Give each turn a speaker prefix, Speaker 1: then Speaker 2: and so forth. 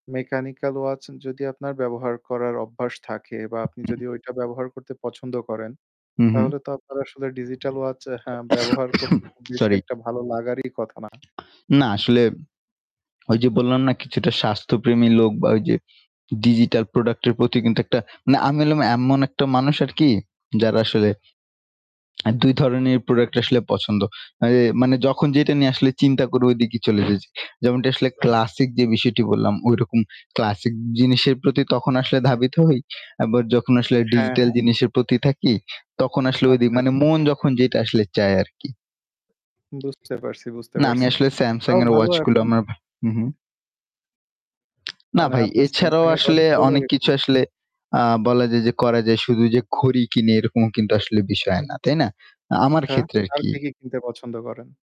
Speaker 1: Mechanical watch যদি আপনার ব্যবহার করার অভ্যাস থাকে বা আপনি
Speaker 2: উ-হুম।
Speaker 1: যদি ওইটা ব্যবহার করতে পছন্দ করেন,
Speaker 2: হু, হুম।
Speaker 1: তাহলে তো আপনার আসলে digital watch অ্যা হ্যাঁ, ব্যবহার করতে খুব বেশি
Speaker 2: সরি।
Speaker 1: একটা ভালো লাগারই কথা না।
Speaker 2: না আসলে, ওইযে বললাম না কিছুটা স্বাস্থ্যপ্রেমী লোক বা ওইযে digital product এর প্রতি কিন্তু একটা না, আমি হলাম এমন একটা মানুষ আরকি যার আসলে অ্যা ২ ধরনের product আসলে পছন্দ। এ মানে যখন যেটা নিয়ে আসলে চিন্তা করি ওই দিকেই চলে যাই। যেমনটি আসলে classic যে বিষয়টি বললাম, ঐরকম classic জিনিসের প্রতি তখন আসলে ধাবিত হই। আবার যখন আসলে
Speaker 1: হ্যাঁ,
Speaker 2: digital
Speaker 1: হ্যাঁ।
Speaker 2: জিনিসের প্রতি থাকি তখন আসলে ওইদিক
Speaker 1: আচ্ছা,
Speaker 2: মানে
Speaker 1: আচ্ছা।
Speaker 2: মন যখন যেটা আসলে চায় আরকি।
Speaker 1: বুঝতে পারছি, বুঝতে
Speaker 2: না, আমি
Speaker 1: পারছি।
Speaker 2: আসলে
Speaker 1: তাও
Speaker 2: Samsung এর
Speaker 1: ভালো
Speaker 2: watch গুলো
Speaker 1: এখন
Speaker 2: আমার ভা হুম, হুম। না
Speaker 1: মানে
Speaker 2: ভাই,
Speaker 1: আপনার
Speaker 2: এছাড়াও
Speaker 1: Samsung এর watch
Speaker 2: আসলে
Speaker 1: ভালো
Speaker 2: অনেক
Speaker 1: লাগে
Speaker 2: কিছু
Speaker 1: খুব?
Speaker 2: আসলে আ বলা যায় যে করা যায়। শুধু যে ঘড়ি কিনি এরকম কিন্তু আসলে বিষয় না, তাই না? আ আমার
Speaker 1: আচ্ছা,
Speaker 2: ক্ষেত্রে
Speaker 1: আর
Speaker 2: আরকি।
Speaker 1: কি, কি কিনতে পছন্দ করেন?